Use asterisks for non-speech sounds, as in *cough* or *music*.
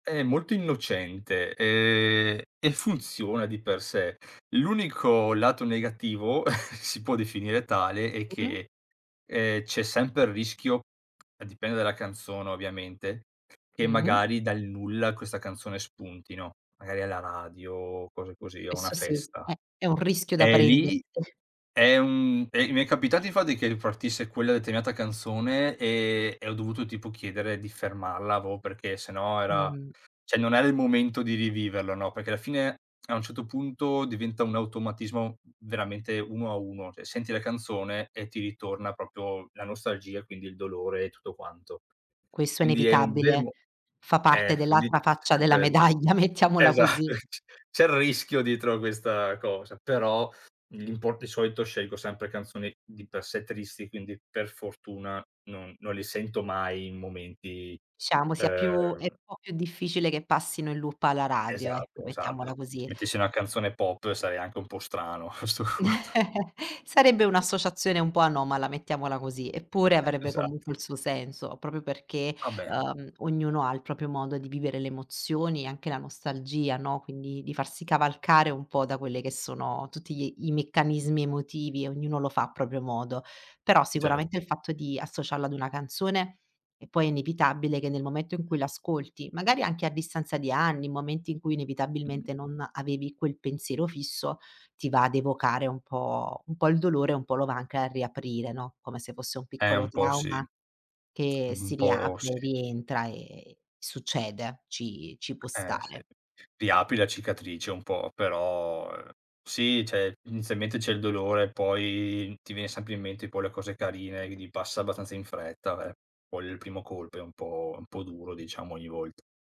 È molto innocente, ehm, e funziona di per sé. L'unico lato negativo *chuckles* si può definire tale è Mh-mh. che, ehm, c'è sempre il rischio, dipende dalla canzone ovviamente, che Mh. magari dal nulla questa canzone spuntino, magari alla radio o cose così, o a una Questo sì, festa. è è un rischio da E prenderti. lì è un e mi è capitato infatti che ripartisse quella determinata canzone e e ho dovuto tipo chiedere di fermarla, avevo perchè se no era Mh. cioè non era il momento di riviverlo, no. Perché alla fine, a un certo punto diventa un automatismo veramente 1 a 1, cioè senti la canzone e ti ritorna proprio la nostalgia, quindi il dolore e tutto quanto. Questo è Quindi è un bel inevitabile. mo Fa eh, parte *exhales* quindi dell'altra c'è faccia della sempre d medaglia, mettiamola così. esatto, c c'è il rischio dietro a questa cosa, però l'impor di solito scelgo sempre canzoni di per sé tristi, quindi per fortuna non non li sento mai in momenti, Diciamo sia più è ehm un po' più difficile che passino in loop alla radio ecco, Esatto, esatto. mettiamola Se così. mettessi una canzone pop sarei anche un po' strano a 'sto punto. *chuckles* Sarebbe un'associazione un po' anomala, mettiamola così, eppure avrebbe Esa comunque il suo senso, proprio perché, Ah beh. ehm, ognuno ha il proprio modo di vivere le emozioni e anche la nostalgia, no. Quindi di farsi cavalcare un po' da quelle che sono tutti gli i meccanismi emotivi, ognuno lo fa a proprio modo. Però Cer sicuramente il fatto di associarlo ad una canzone e poi è inevitabile che nel momento in cui l'ascolti, magari anche a distanza di anni, momenti in cui Mh. inevitabilmente non avevi quel pensiero fisso, ti va ad evocare un po' un po' il dolore e un po' lo va anche a riaprire, no. Come se fosse un Eh piccolo un po' sì. trauma che Un si po' sì. riapre, rientra e succede, ci ci può Eh sì, stare. riapri la cicatrice un po' però, uhm, sì cioè, inizialmente c'è il dolore, poi ti viene sempre in mente poi le cose carine, quindi passa abbastanza in fretta, ve poi il primo colpo è un po' un po' duro diciamo, ogni volta.